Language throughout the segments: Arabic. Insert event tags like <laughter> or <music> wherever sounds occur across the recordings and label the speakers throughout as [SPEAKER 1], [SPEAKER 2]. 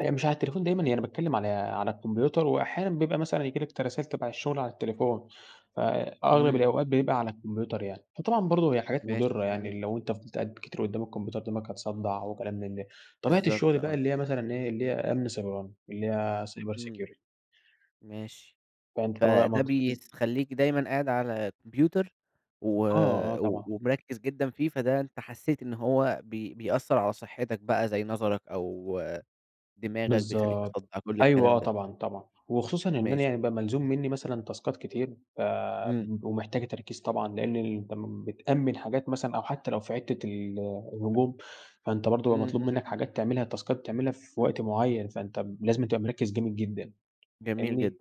[SPEAKER 1] أنا مش على التليفون دايمًا. يعني باتكلّم على على الكمبيوتر وأحيانًا بيبقى مثلًا ييجي لك ت رسايل تَبَع الشغل على التليفون، فأغلب
[SPEAKER 2] إمم.
[SPEAKER 1] الأوقات بيبقى على الكمبيوتر يعني. فطبعًا برضه هي حاجات
[SPEAKER 2] ماشي
[SPEAKER 1] مُضرّة. يعني
[SPEAKER 2] جميل.
[SPEAKER 1] لو أنت فضلت قاعد كتير قُدّام الكمبيوتر دماغك هتصدّع و كلام من ده. طبيعة
[SPEAKER 2] بالضبط
[SPEAKER 1] الشغل بقى
[SPEAKER 2] آه.
[SPEAKER 1] اللي هي مثلًا إيه، اللي هي أمن سيبراني. اللي هي cyber
[SPEAKER 2] إمم.
[SPEAKER 1] security.
[SPEAKER 2] ماشي.
[SPEAKER 1] فأنت طبعًا
[SPEAKER 2] فده
[SPEAKER 1] <unintelligible>
[SPEAKER 2] بيخلّيك دايمًا قاعد على كمبيوتر و
[SPEAKER 1] آه، آه،
[SPEAKER 2] و
[SPEAKER 1] طبعًا.
[SPEAKER 2] ومركّز جدًا فيه، فده أنت حسّيت إن هو بي بيأثّر على صحّتك بقى زي نَظَرك أو دماغك، بيخلّيك
[SPEAKER 1] بالضبط.
[SPEAKER 2] مصدّع كل
[SPEAKER 1] أيوه
[SPEAKER 2] الكلام
[SPEAKER 1] آه،
[SPEAKER 2] ده.
[SPEAKER 1] طبعًا، طبعًا. وخصوصًا إن أنا يعني
[SPEAKER 2] ماشي.
[SPEAKER 1] بقى ملزوم منّي مثلًا تاسكات كتير ف
[SPEAKER 2] إمم.
[SPEAKER 1] م ومحتاجة تركيز طبعًا، لإن أنت م بتأمِّن حاجات مثلًًا أو حتّى لو في حتّة ال الهجوم، فأنت برضه يبقى
[SPEAKER 2] إمم،
[SPEAKER 1] مطلوب
[SPEAKER 2] إمم،
[SPEAKER 1] منّك
[SPEAKER 2] إمم.
[SPEAKER 1] حاجات تعملها، تاسكات بتعملها في وقت معيّن، فأنت لازمًا تبقى مركّز جامد جدًا
[SPEAKER 2] جميل
[SPEAKER 1] فاهمني؟
[SPEAKER 2] جدًا.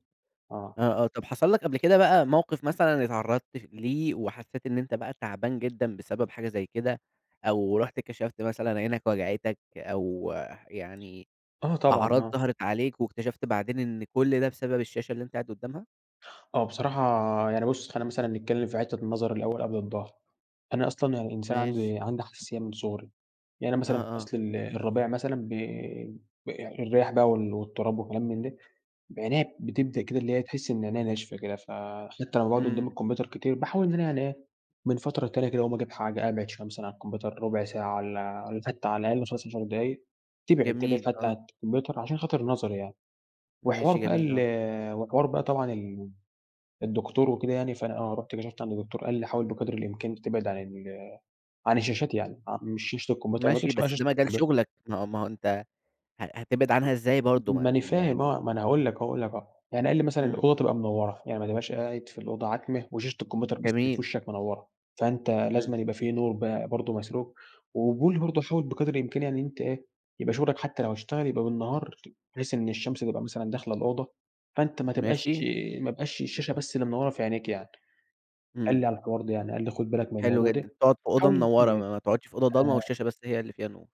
[SPEAKER 1] آه.
[SPEAKER 2] آه، آه. طب حصل لك قبل كده بقى موقف مثلًا اتعرّضت ف ليه وحسّيت إن أنت بقى تعبان جدًا بسبب حاجة زي كده، أو رُحت كشفت مثلًا عينك وجعتك أو يعني
[SPEAKER 1] آه طبعًا،
[SPEAKER 2] أعراض
[SPEAKER 1] آه.
[SPEAKER 2] ظهرت عليك واكتشفت بعدين إن كل ده بسبب الشاشة اللي أنت قاعد قُدّامها؟
[SPEAKER 1] آه. بصراحة يعني بُص، خلّينا مثلًا نتكلّم في حتّة النظر الأول قبل الضهر. أنا أصلًا يعني الإنسان
[SPEAKER 2] ماشي.
[SPEAKER 1] عندي عندي حساسية من صغري. يعني أنا مثلًا
[SPEAKER 2] آه،
[SPEAKER 1] في
[SPEAKER 2] آه.
[SPEAKER 1] فَصْل ال الربيع مثلًا ب ب الرياح بقى وال والتُراب وكلام من ده، عينيّا بتبدأ كده اللي هي تحِس إن عينيّا ناشفة كده، فحتّى لمّا باقعد قُدّام
[SPEAKER 2] إمم.
[SPEAKER 1] الكمبيوتر كتير باحاول إن أنا يعني إيه، من فترة للتانية كده أقوم أجيب حاجة، أبعد شوية مثلًا عن الكمبيوتر رُبع ساعة والّا <unintelligible> على الأقل مثلًا <unintelligible> 10 دقايق تبعد تبعد
[SPEAKER 2] جميل
[SPEAKER 1] حتّى عن
[SPEAKER 2] آه.
[SPEAKER 1] الكمبيوتر عشان خاطر النَظَر يعني. وحوار
[SPEAKER 2] ماشي،
[SPEAKER 1] بقى
[SPEAKER 2] جميل آه.
[SPEAKER 1] ال وحوار بقى طبعًا ال الدكتور وكده يعني فأنا آه، رُحت كشفت عند الدكتور قال لي: "حاول بقدر الإمكان تبعد عن ال عن الشاشات يعني،" آه. مش شاشة الكمبيوتر ما
[SPEAKER 2] ماشي،
[SPEAKER 1] تقولش بقى
[SPEAKER 2] بس
[SPEAKER 1] شاشة
[SPEAKER 2] ده مجال
[SPEAKER 1] الكمبيوت
[SPEAKER 2] شُغلك. ما هو ما هو أنت ه هتبعد
[SPEAKER 1] م
[SPEAKER 2] عنها إزاي برضه؟
[SPEAKER 1] ما
[SPEAKER 2] ما
[SPEAKER 1] أنا
[SPEAKER 2] م
[SPEAKER 1] فاهم
[SPEAKER 2] يعني
[SPEAKER 1] آه. ما أنا هاقول لك أهو هاقول لك آه يعني قال لي مثلًا:
[SPEAKER 2] إمم.
[SPEAKER 1] "الأوضة تبقى منوّرة. يعني ما تبقاش قاعد في الأوضة عتمة وشاشة الكمبيوتر بس الي في
[SPEAKER 2] جميل.
[SPEAKER 1] وِشَّك منوّرة. فأنت
[SPEAKER 2] إمم.
[SPEAKER 1] لازمًا يبقى في نور ب برضه مسروج، وبيقول برضه حاول بقدر الإمكان إن أنت إيه، يبقى شُغلك حتّى لو أشتغل يبقى بالنهار بحيث إن الشمس تبقى مثلًا داخلة الأوضة، فأنت ما تبقاش
[SPEAKER 2] ماشي.
[SPEAKER 1] ما يبقاش الشاشة بس اللي منوّرة في عينيك يعني." قال
[SPEAKER 2] إمم.
[SPEAKER 1] لي على الحوار ده يعني، قال لي: "خُد بالك من
[SPEAKER 2] حلو
[SPEAKER 1] الموضوع
[SPEAKER 2] جدًا.
[SPEAKER 1] ده،
[SPEAKER 2] تقعد في أوضة
[SPEAKER 1] حاول
[SPEAKER 2] منوّرة
[SPEAKER 1] تبعد
[SPEAKER 2] ما ما تقعدش في أوضة ضلمة
[SPEAKER 1] آآ"
[SPEAKER 2] والشاشة بس هي اللي فيها نور.